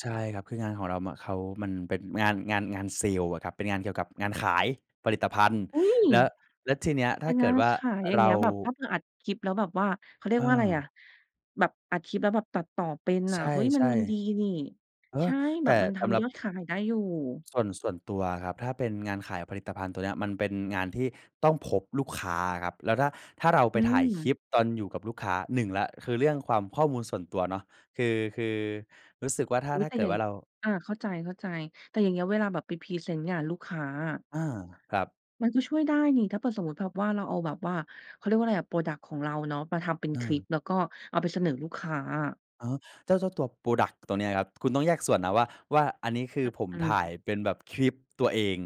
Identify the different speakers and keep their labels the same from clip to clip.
Speaker 1: ใช่ครับ คืองานของเรา ม เขามันเป็นงาน งาน งานเซลส์อะครับ เป็นงานเกี่ยวกับงานขายผลิตภัณฑ์
Speaker 2: อุ๊ย
Speaker 1: แล้ว แล้วทีเนี้ย
Speaker 2: เ
Speaker 1: ถ
Speaker 2: ป
Speaker 1: ้
Speaker 2: ็
Speaker 1: า
Speaker 2: น
Speaker 1: เก
Speaker 2: ง
Speaker 1: ิ
Speaker 2: า
Speaker 1: ด
Speaker 2: น
Speaker 1: ว่า
Speaker 2: ขายอย่าง
Speaker 1: เร
Speaker 2: เงี
Speaker 1: า
Speaker 2: ้ย แบบถ้าเผื่ออัดคลิป แล้วแบบว่า เขาเรียกว่าอะไรอะ
Speaker 1: เออ
Speaker 2: แบบอัดคลิปแล้วแบบตัดต่อเป็น
Speaker 1: ใ
Speaker 2: อ
Speaker 1: ช
Speaker 2: ะ เฮ้ย มัน
Speaker 1: ่
Speaker 2: มันดีนี่
Speaker 1: ๆ เออ
Speaker 2: ใช่
Speaker 1: แ
Speaker 2: แ
Speaker 1: ต
Speaker 2: บ
Speaker 1: ่
Speaker 2: บมันท
Speaker 1: สำหรั
Speaker 2: ำย
Speaker 1: บ
Speaker 2: อดขายได้อยู่
Speaker 1: ส่วน ส่วนตัวครับ ถ้าเป็นงานขายผลิตภัณฑ์ตัวเนี้ย มันเป็นงานที่ต้องพบลูกค้าครับ แล้วถ้า ถ้าเราไป
Speaker 2: อื
Speaker 1: ถ่ายคลิ
Speaker 2: ม
Speaker 1: ปตอนอยู่กับลูกค้า หนึ่งแล้วคือเรื่องความ ข้อมูลส่วนตัวเนาะ คือ คือรู้สึกว่า ถ้า
Speaker 2: อุ๊ย
Speaker 1: ถ้า
Speaker 2: แต่
Speaker 1: เกิ
Speaker 2: อย
Speaker 1: ด
Speaker 2: ่า
Speaker 1: ว
Speaker 2: ง
Speaker 1: ่าเรา
Speaker 2: อา เข้าใจ ๆ แต่อย่างเงี้ยเวลาแบบไปพรีเซนต์งานลูกค้าอะ
Speaker 1: อา ครับ
Speaker 2: มันก็ช่วยได้นี่ ถ้าเผื่อสมมุติแบบว่าเราเอาแบบว่า เขาเรียกว่าอะไรอะ พรอดักต์ ของเราเนาะ มาทำเป็น
Speaker 1: เ
Speaker 2: คลิป
Speaker 1: ออ
Speaker 2: แล้วก็เอาไปเสนอลูกค้าอะ
Speaker 1: อ๋อ เจ้า เจ้าตัว พรอดักต์ ตัวนี้ครับ คุณต้องแยกส่วนนะว่า ว่าอันนี้ คือผม
Speaker 2: อื
Speaker 1: ถ่าย
Speaker 2: ม
Speaker 1: เป็นแบบคลิปตัวเอง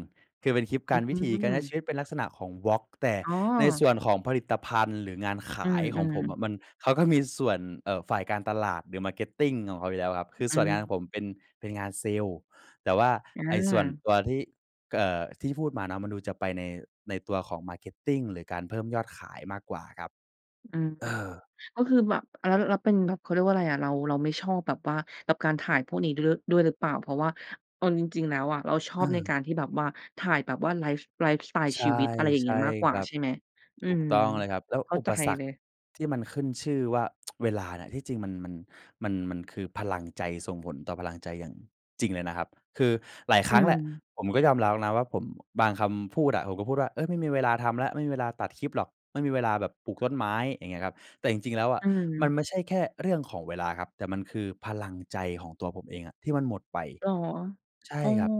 Speaker 1: คือเป็นคลิปก
Speaker 2: อ
Speaker 1: า
Speaker 2: ื้
Speaker 1: ร
Speaker 2: อฮ
Speaker 1: วิ
Speaker 2: ื
Speaker 1: ถีการใช้ช
Speaker 2: อ
Speaker 1: ีวิตเป็นลักษณะของ vlog แต่
Speaker 2: อ๋อ
Speaker 1: ในส่วนของผลิตภัณฑ์ หรืองานข
Speaker 2: อื
Speaker 1: ายของ
Speaker 2: ม
Speaker 1: ผม
Speaker 2: ๆ
Speaker 1: อะ มัน เขาก็มีส่วน เอ่อ ฝ่ายการตลาด หรือ Marketing ของเขาอยู่แล้วครับ คือ
Speaker 2: อื
Speaker 1: ส่วนงานขอ
Speaker 2: ม
Speaker 1: งผมเป็น เป็นงานเซลส์ แต่ว่า
Speaker 2: อ
Speaker 1: ไอ้ส่วน
Speaker 2: า
Speaker 1: ตัวที่ เอ่อ ที่พูดมาเนาะ มันดูจะไปในตัวของ Marketing หรือการเพิ่มยอดขายมากกว่าครับ
Speaker 2: อือ
Speaker 1: เ
Speaker 2: ฮ
Speaker 1: อ
Speaker 2: ึ
Speaker 1: อ
Speaker 2: ก็คือแบบ อา แล้วเป็นแบบ เขาเรียกว่าอะไรอะ เรา เราไม่ชอบแบบว่า แบบการถ่ายพวกนี้ด้วย ด้วยหรือเปล่า เพราะว่าเอาจริง ๆ แล้วอะ เราชอ
Speaker 1: เ
Speaker 2: บใน
Speaker 1: ออ
Speaker 2: การที่แบบว่า ถ่ายแบบว่าไลฟ์ ไลฟ์สไตล์
Speaker 1: ใช
Speaker 2: ช
Speaker 1: ่
Speaker 2: ีวิต อะไรอย่างเ
Speaker 1: ใช
Speaker 2: งี้
Speaker 1: ่
Speaker 2: ยมากกว
Speaker 1: ค
Speaker 2: ่า
Speaker 1: รับ
Speaker 2: ใช่ไหม? อื
Speaker 1: ถูก
Speaker 2: ม
Speaker 1: ต้องเลยครับ แล้ว
Speaker 2: เข้า
Speaker 1: อุ
Speaker 2: ใจ
Speaker 1: ปสร
Speaker 2: เ
Speaker 1: ร
Speaker 2: ล
Speaker 1: ค
Speaker 2: ย
Speaker 1: ที่มันขึ้นชื่อว่า เวลาเนี่ย ที่จริงมัน มัน มัน มันคือพลังใจ ส่งผลต่อพลังใจอย่างจริงเลยนะครับ คือหลายค
Speaker 2: อื
Speaker 1: รั้งแหละ
Speaker 2: ม
Speaker 1: ผมก็ยอมรับอะนะว่า ผม บางคำพูดอะ ผมก็พูดว่า เฮ้ย ไม่มีเวลาทำแล้ว ไม่มีเวลาตัดคลิปหรอก ไม่มีเวลาแบบปลูกต้นไม้ อย่างเงี้ยครับ แต่จริง ๆ แล้วอ
Speaker 2: อ
Speaker 1: ะ
Speaker 2: ื
Speaker 1: มัน
Speaker 2: ม
Speaker 1: ไม่ใช่แค่เรื่องของเวลาครับ แต่มันคือพลังใจของตัวผมเองอะ ที่มันหมดไป
Speaker 2: เหรอ
Speaker 1: ใช่
Speaker 2: อ๋อ
Speaker 1: ครับ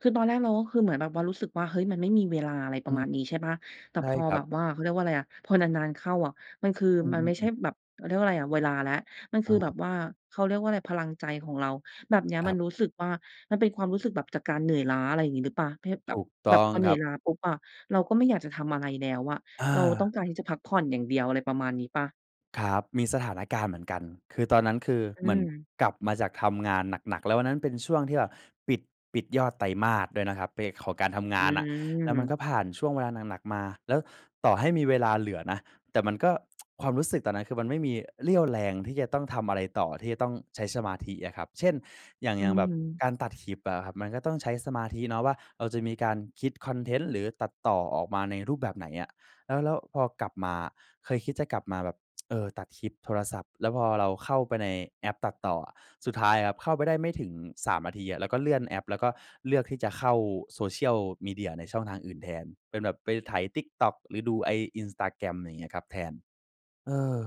Speaker 2: คือตอนแรกเราก็คือเหมือนแบบว่ารู้สึกว่า เฮ้ย มันไม่มีเวลา อะไรป
Speaker 1: อื
Speaker 2: ระม
Speaker 1: ม
Speaker 2: าณนี้ใช่เปล่า แต่
Speaker 1: ใช่
Speaker 2: พอ
Speaker 1: ครั
Speaker 2: แบ
Speaker 1: บ
Speaker 2: บว่า เขาเรียกว่าอะไรอะ พอนาน ๆ เข้าอะ มันคือ
Speaker 1: อื
Speaker 2: มันไม่ใช่
Speaker 1: อ ๆ ๆ
Speaker 2: แบบ เขาเรียกว่าอะไรอะ เวลาแล้ว มันค
Speaker 1: อ
Speaker 2: ือ
Speaker 1: า
Speaker 2: แบบว่า เขาเรียกว่าอะไร พลังใจของเรา แบบเนี้ย
Speaker 1: คร
Speaker 2: มั
Speaker 1: ับ
Speaker 2: นรู้สึกว่า มันเป็นความรู้สึกแบบจากการเหนื่อยล้า อะไรอย่างงี้หรือเปล่า เภทแบ
Speaker 1: ถ
Speaker 2: บ
Speaker 1: ูกต
Speaker 2: แบ
Speaker 1: ้
Speaker 2: บ
Speaker 1: อง
Speaker 2: พอเหน
Speaker 1: ค
Speaker 2: ื่
Speaker 1: ร
Speaker 2: อ
Speaker 1: ั
Speaker 2: ย
Speaker 1: บ
Speaker 2: ล้าปุ๊บอะ เราก็ไม่อยากจะทำอะไรแล้วอะ
Speaker 1: อ
Speaker 2: เราต้
Speaker 1: า
Speaker 2: องการที่จะพักผ่อนอย่างเดียว อะไรประมาณนี้เปล่า?
Speaker 1: ครับ มีสถานการณ์เหมือนกัน คือตอนนั้น คือ
Speaker 2: อ
Speaker 1: เห
Speaker 2: ื
Speaker 1: มือน
Speaker 2: ม
Speaker 1: กลับมาจากทำงานหนัก ๆ แล้ววันนั้นเป็นช่วงที่แบบปิด ปิดยอดไตรมาสด้วยนะครับ เป็นของการทำง
Speaker 2: อื
Speaker 1: านอะ แล้วมันก
Speaker 2: ม
Speaker 1: ็ผ่านช่วงเวลาหนัก ๆ มา แล้วต่อให้มีเวลาเหลือนะ แต่มันก็ ความรู้สึกตอนนั้นคือมันไม่มีเรี่ยวแรงที่จะต้องทำอะไรต่อ ที่จะต้องใช้สมาธิอะครับ เช่น อย่าง
Speaker 2: อื
Speaker 1: อย่างแบบ
Speaker 2: ม
Speaker 1: การตัดคลิปอะครับ มันก็ต้องใช้สมาธิเนาะว่า เราจะมีการคิดคอนเทนต์ หรือตัดต่อออกมาในรูปแบบไหนอะ แล้ว แล้วพอกลับมา เคยคิดจะกลับมาแบบ เออ ตัดคลิปโทรศัพท์ แล้วพอเราเข้าไปในแอปตัดต่ออะ สุดท้ายครับ เข้าไปได้ไม่ถึง 3 นาทีอะ เราก็เลื่อนแอป แล้วก็เลือกที่จะเข้า social media ในช่องทางอื่นแทน เป็นแบบไปไถ TikTok หรือดูไอ้ Instagram อะไรอย่างเงี้ยครับ แทน เออ